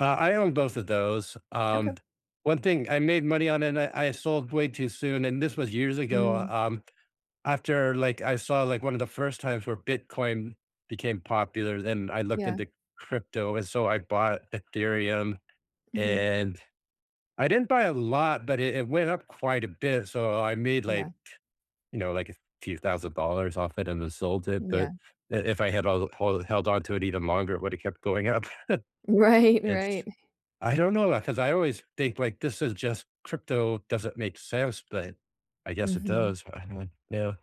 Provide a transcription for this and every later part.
Uh, I own both of those. Um, Okay. one thing I made money on, and I I sold way too soon, and this was years ago Mm. um, after, like, I saw, like, one of the first times where Bitcoin became popular, then I looked Yeah. into crypto, and so I bought Ethereum, Mhm. and, I didn't buy a lot, but it it went up quite a bit, so I I made, Yeah. like, you know, like, a few thousand dollars off it, and then sold it, Yeah. but i if I had all all the held on to it even longer, it woulda kept going up. Right, right. It's I don't know, uh, ‘cause I always think, like, this is just crypto doesn't make sense, but I guess it Mhm. does. I [unintelligible] know,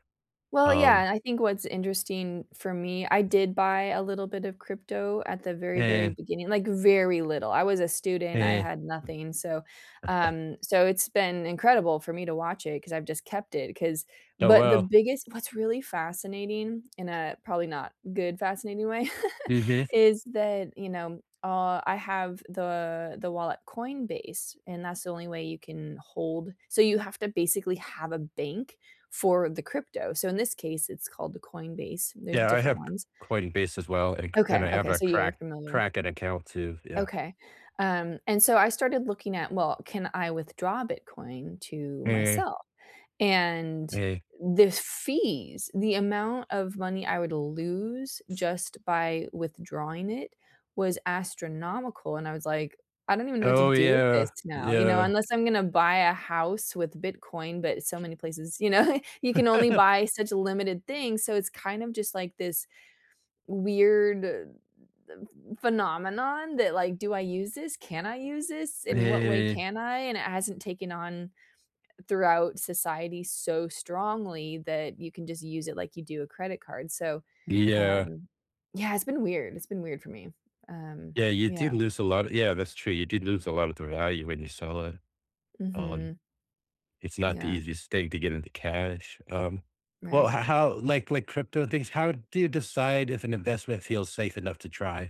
Well, yeah, um and I think what's interesting, for me, I did buy a little bit of crypto at the very, very Eh beginning like, very little. I was a student, I Eh had nothing, so, um so it's been incredible for me to watch it, 'cause I've just kept it, 'cause Oh, but the well. biggest what's really fascinating in a probably, not good, fascinating way [unintelligible] is that, you know, uh, I have the the wallet Coinbase, and that's the only way you can hold so you have to, basically, have a bank for the crypto, so in this case, it's called the Coinbase, there's Yeah, I different have C ones. Coinbase as well, and k Okay, and I have okay, a so you're Krak familiar. Kraken an account too, yeah. Okay. Um, and so, I started looking at, well, can I withdraw Bitcoin to Eh myself, and, Hey. the f fees, the amount of money I would lose just by withdrawing it, was astronomical, and I was like, "I don't even know what to Oh, do with yeah, this now," you know, yeah. unless I'm gonna buy a house with Bitcoin, but so many places, you know, you can only buy such a limited things, so it's kind of, just like, this weird, phenomenon that, like, "Do I use this? Can I use this? In what way Eh. can I?" and it hasn't taken on, throughout society, so strongly that you can just use it like you do a credit card, so, Yeah. um, yeah, it's been weird it's been weird for me, um, Yeah, you yeah. did lose a lot Yeah, that's true, you did lose a lot of the value when you sell it. Um, Mhm. it's not the Yeah. easiest thing to get into cash. Um, well, Right. h how, like like, crypto things how do you decide if an investment feels safe enough to try?